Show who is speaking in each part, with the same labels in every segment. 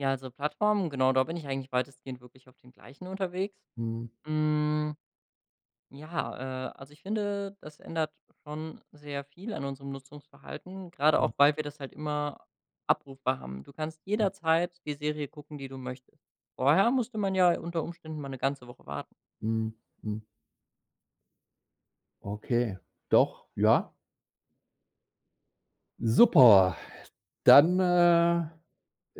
Speaker 1: Ja, also Plattformen genau, da bin ich eigentlich weitestgehend wirklich auf den gleichen unterwegs.
Speaker 2: Mhm.
Speaker 1: Hm. Ja, äh, also ich finde, das ändert schon sehr viel an unserem Nutzungsverhalten, gerade
Speaker 2: Mhm.
Speaker 1: auch, weil wir das halt immer abrufbar haben. Du kannst
Speaker 2: Mhm.
Speaker 1: jederzeit die Serie gucken, die du möchtest. Vorher musste man ja unter Umständen mal 'ne ganze Woche warten.
Speaker 2: Mhm. Mhm. Okay, doch, ja. Super, dann, äh,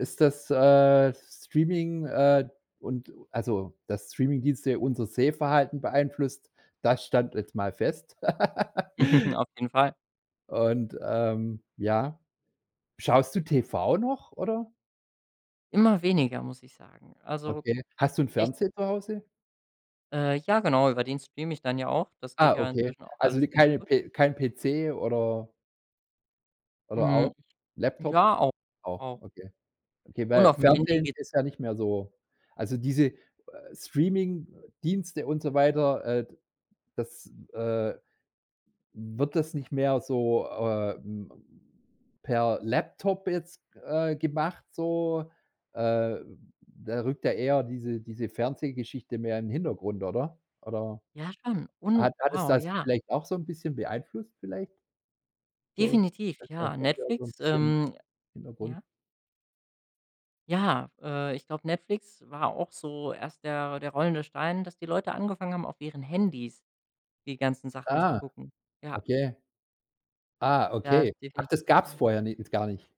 Speaker 2: ist das, äh, Streaming, äh, und also, dass Streamingdienste unser Sehverhalten beeinflusst, das stand jetzt mal fest.
Speaker 1: Auf jeden Fall.
Speaker 2: Und, ähm, ja. Schaust du TV noch oder?
Speaker 1: Immer weniger, muss ich sagen. Also,
Speaker 2: Okay. Hast du 'n
Speaker 1: ich
Speaker 2: Fernseher zu Hause?
Speaker 1: Äh, ja genau. Über den streame ich dann ja auch. Das geht
Speaker 2: Ah,
Speaker 1: ja
Speaker 2: okay.
Speaker 1: inzwischen auch
Speaker 2: Also 'ne
Speaker 1: alles ganz
Speaker 2: keine
Speaker 1: gut.
Speaker 2: pe kein PC oder oder
Speaker 1: Mhm.
Speaker 2: auch Laptop?
Speaker 1: Ja, auch,
Speaker 2: Auch,
Speaker 1: auch.
Speaker 2: okay. Okay,
Speaker 1: Und
Speaker 2: weil
Speaker 1: aufm Handy
Speaker 2: Fernsehen
Speaker 1: geht
Speaker 2: ist ja nicht mehr so Also, diese Streamingdienste und so weiter, äh, d das, äh wird das nicht mehr so, äh, hm, per Laptop jetzt, äh, gemacht so? Äh, da rückt ja eher diese diese Fernsehgeschichte mehr in 'n Hintergrund, oder? Oder
Speaker 1: Ja, schon. Und,
Speaker 2: hat hat es
Speaker 1: wow,
Speaker 2: das
Speaker 1: ja.
Speaker 2: vielleicht auch so 'n bisschen beeinflusst vielleicht? So,
Speaker 1: Definitiv
Speaker 2: dass der
Speaker 1: ja.
Speaker 2: Fernseher so 'n
Speaker 1: Netflix,
Speaker 2: bisschen
Speaker 1: ähm
Speaker 2: Hintergrund
Speaker 1: ja. Ja, äh, ich glaube Netflix war auch so erst der der rollende Stein, dass die Leute angefangen haben, auf ihren Handys die ganzen Sachen zu
Speaker 2: Ah,
Speaker 1: gucken. Ja.
Speaker 2: okay. Ah,
Speaker 1: Da
Speaker 2: okay.
Speaker 1: ist
Speaker 2: Ach,
Speaker 1: definitiv
Speaker 2: das
Speaker 1: was
Speaker 2: gab's
Speaker 1: dran.
Speaker 2: vorher ni gar nicht.